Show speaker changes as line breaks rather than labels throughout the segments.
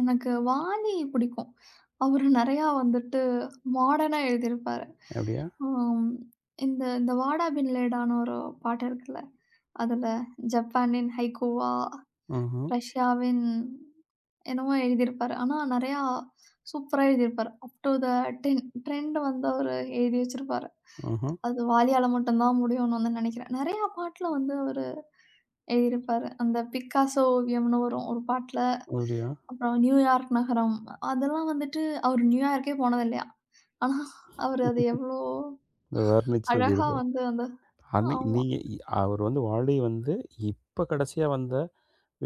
எனக்கு வாலி புடிக்கும். அவரு நெறையா வந்துட்டு, மாடர்னா எழுதியிருப்பார்.
அப்படியா?
அம் இந்த இந்த வாடா பின்லேடான்னு ஒரு பாட்டு இருக்குல்ல. அதுல 'ஜப்பானின் ஹைக்கூவா,
ம்ஹ்ம்.
ரஷ்யாவின்' என்னவோ எழுதியிருப்பார். ஆனா நெறையா சூப்பரா எழுதியிருப்பார். "Up to the tin trend" வந்து அவரு எழுதி வச்சிருப்பாரு.
ம்ஹ்ம்.
அது வாலியால மட்டுந்தான் முடியும்ன்னு வந்து நெனைக்கிறேன். நெறையா பாட்டுல வந்து அவரு எழுதியிருப்பாரு, அந்தப் 'பிக்காசோ ஓவியம்ன்னு' வரும் ஒரு பாட்டுல.
[unintelligible]
அப்புறம் 'நியூயார்க் நகரம்' அதெல்லாம் வந்துட்டு அவரு நியூயார்க்கே போனது இல்லையாம். ஆனா அவரு அது எவ்வளோ
அத வர்ணிச்சு
அழகா
எழுதிருப்பாரு.
வந்து அந்த
அன்னைக்கு
ஆமா.
நீங்க இ அவர் வந்து, வாலி வந்து இப்ப கடைசியா வந்த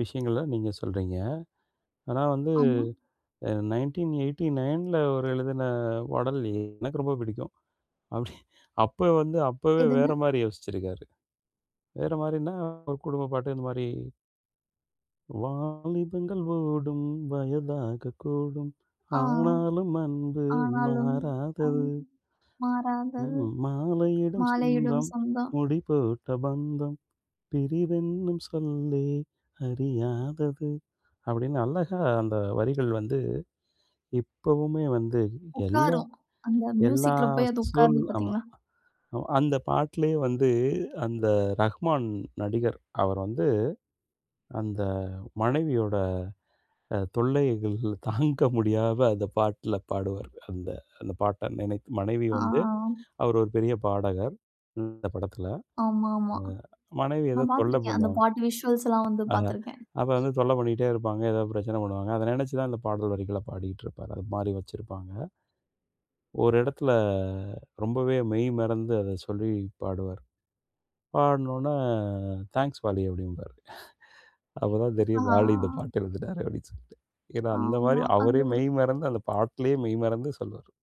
விஷயங்கள நீங்க சொல்றீங்க. ஆனா வந்து
ஆமா.
அ 1989ல அவரு எழுதின பாடல், எ எனக்கு ரொம்ப புடிக்கும். அப்படி அப்ப வந்து அப்பவே
எதுங்க?
வேற மாரி யோசிச்சிருக்காரு. வேற மாரின்னா, ஒரு குடும்பப்பாட்டு, இந்த மாரி. 'வாலிபங்கள் ஓடும் வயதாகக் கூடும்,
ஆ.
ஆனாலும் அன்பு
ஆனாலும் அந்
மாறாதது.'
மாறாதது.
ம், 'மாலையிடும்
மாலையிடும்
சொந்தம்
சொந்தம்.
முடி போட்ட பந்தம், பிரிவென்னும் சொல்லே அறியாதது' அப்படீன்னு அழகா அந்த வரிகள் வந்து, இப்பவுமே வந்து எல்லா
உக்காரும். அந்த
எல்லா
மியூசிக்ல போய் அது
சூழ்
உக்காருது
ஆமா.
பார்த்தீங்களா?
அ அந்தப் பாட்டுலே வந்து, அந்த ரஹ்மான் நடிகர் அவர் வந்து, அந்த மனைவியோட அ தொல்லைகள் தாங்க முடியாம அந்தப் பாட்டுல பாடுவாரு. அந்த அந்தப் பாட்ட நெனைத்து. மனைவி வந்து
ஆ.
அவரு 1 பெரிய பாடகர், அந்தப் படத்துல.
ஆமாமா.
அ மனைவி
நா
எதோ தொல்ல
பார்த்திருக்கேன். அந்தப்
பண்ணுவாங்
பாட்டு விஷ்வல்ஸ்ல்லாம் வந்து
அ
பார்த்திருக்கேன்.
அப்ப வந்து தொல்ல பண்ணிட்டே இருப்பாங்க. ஏதாவது பிரச்சனை பண்ணுவாங்க. அத நெனைச்சுதான் இந்தப் பாடல் வரிகளப் பாடிட்டு இருப்பாரு. அது மாரி வச்சுருப்பாங்க. ஒரு இடத்துல, ரொம்பவே மெய் மறந்து அத சொல்லிப் பாடுவாரு. பாடுன ஒன்ன, "தேங்க்ஸ் வாலி" அப்படீம்பாரு. அப்பதான்
அ,
தெரியும்,
ஆ, ஆ.
"வாலி இந்தப் பாட்டு எழுதினாரு." அப்படீன்னு சொல்லிட்டு. ஏன்னா அந்த மாதிரி,
ஆமா. அது
அவரே
ஒரு
மெய் மறந்து அந்தப் பாட்டுலேயே மெய் மறந்து சொல்லுவாரு.